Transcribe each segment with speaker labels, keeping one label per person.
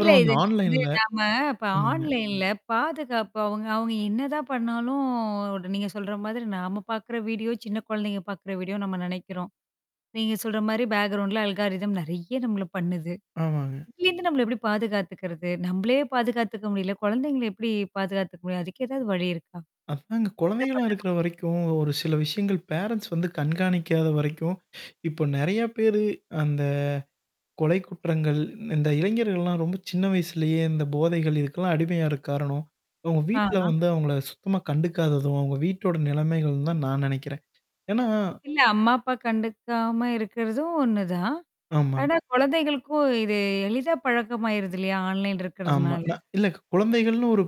Speaker 1: இல்ல
Speaker 2: அந்த
Speaker 1: இது நீங்க வந்து
Speaker 2: ஆன்லைன்ல
Speaker 1: நாம இப்ப
Speaker 2: ஆமாங்க.
Speaker 1: ஆன்லைன்ல பாதுகாப்பு அவுங்க அவுங்க என்னதான் பண்ணாலும் நீங்க சொல்ற மாதிரி நாம பார்க்கிற வீடியோ சின்ன குழந்தைங்க பார்க்கிற வீடியோ நம்ம நினைக்கிறோம் என்ன பண்ணலாம். நீங்க சொல்றமாரி பேக்ரவுண்ட்ல அல்ஹாரிதம் நிறைய நம்மள பண்ணுது.
Speaker 2: ஆமாங்க.
Speaker 1: இதுலருந்து நம்மள எப்பிடி பாதுகாத்துக்கிறது? நம்மளே பாதுக்காத்துக்க முடியல. குழந்தைங்கள எப்பிடி பாதுக்காத்துக்க முடியும்? அதுக்கு எதாவது வழி இருக்கா?
Speaker 2: அதாங்க.
Speaker 1: என்ன
Speaker 2: குழந்தைகளா
Speaker 1: பண்ணலாம்?
Speaker 2: இருக்கிற வரைக்கும், ஒரு சில விஷயங்கள் பேரண்ட்ஸ் வந்து கண்காணிக்காத வரைக்கும் இப்போ நிறைய பேரு அந்த கொலை குற்றங்கள் இந்த இளைஞர்கள்லாம் ரொம்ப சின்ன வயசுலேயே இந்த போதைகள் இதுக்கெல்லாம் அடிமையாற காரணம். அவுங்க
Speaker 1: ஆ,
Speaker 2: வீட்ல
Speaker 1: ஆ.
Speaker 2: வந்து அவங்கள சுத்தமா கண்டுக்காததும், அவுங்க வீட்டோட நிலைமைகள்னு தான் நான் நினைக்கிறேன். ஏன்னா
Speaker 1: இல்ல அம்மா, அப்பா கண்டுக்காம இருக்கிறதும் ஒண்ணு தான்.
Speaker 2: ஆமா.
Speaker 1: ஆனா குழந்தைகளுக்கும் இது எளிதா பழக்கமாயிருது இல்லயா? ஆன்லைன்
Speaker 2: ஆமா.
Speaker 1: இருக்கிறதுனால.
Speaker 2: ஆனா, இல்ல குழந்தைகள்ன்னு ஒரு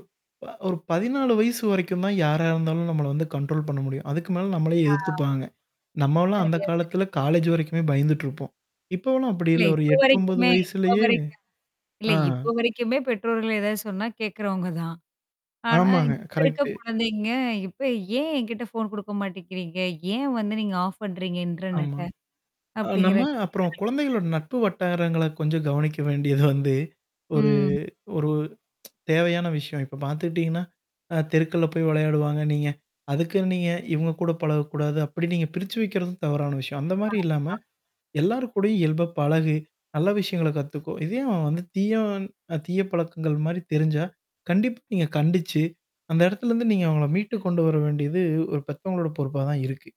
Speaker 2: ஒரு 14 வயசு வரைக்கும் தான் யாரா இருந்தாலும் நம்மள வந்து கண்ட்ரோல் பண்ண முடியும். அதுக்கு மேல நம்மளே
Speaker 1: ஆ.
Speaker 2: எதிர்த்துப்பாங்க. நம்மளும் அந்த
Speaker 1: சரியா சொன்னீங்க.
Speaker 2: காலத்துல காலேஜ் வரைக்குமே பயந்துட்டு இருப்போம். இப்போவுலாம் அப்பிடி
Speaker 1: இல்ல
Speaker 2: இல்ல ஒரு
Speaker 1: இப்போ
Speaker 2: 8, 9
Speaker 1: வரைக்குமே இப்போ
Speaker 2: வயசுலயே
Speaker 1: வரைக்கும். இல்ல
Speaker 2: ஆ.
Speaker 1: இப்ப வரைக்குமே பெற்றோர்கள் ஏதாவது சொன்னா கேட்குறவுங்கதான். ஆனா
Speaker 2: ஆமாங்க.
Speaker 1: இப்ப இருக்க
Speaker 2: கரெக்ட்டு.
Speaker 1: குழந்தைங்க இப்ப ஏன் என்கிட்ட ஃபோன் குடுக்க மாட்டேங்கிறீங்க? ஏன் வந்து நீங்க ஆஃப் பண்றீங்க
Speaker 2: ஆமா.
Speaker 1: இன்டர்நெட்ட
Speaker 2: அ நம்ம
Speaker 1: அப்பிடிங்கிற
Speaker 2: அப்புறம்
Speaker 1: [unintelligible]
Speaker 2: குழந்தைகளோட நட்பு வட்டாரங்கள கொஞ்சம் கவனிக்க வேண்டியது வந்து ஒரு
Speaker 1: ம்.
Speaker 2: ஒரு தேவையான விஷயம். இப்ப பார்த்துக்கிட்டீங்கன்னா அ தெருக்கள்ல போய் விளையாடுவாங்க. நீங்க அதுக்கு நீங்க இவுங்க கூட பழகக்கூடாது அப்பிடி நீங்க பிரிச்சு வைக்கிறதும் தவறான விஷயம். அந்த மாதிரி இல்லாம
Speaker 1: ஆமா.
Speaker 2: எல்லார் கூடயும் இயல்பா பழகு! நல்ல விஷயங்கள கத்துக்கோ! இதேயே அவன் வந்து தீயா அ தீய பழக்கங்கள்மாரி தெரிஞ்சா கண்டிப்பா நீங்க கண்டிச்சு அந்த இடத்துலருந்து நீங்க அவுங்கள மீட்டுக் கொண்டு வர வேண்டியது ஒரு பெத்தவங்களோட பொறுப்பா தான் இருக்கு.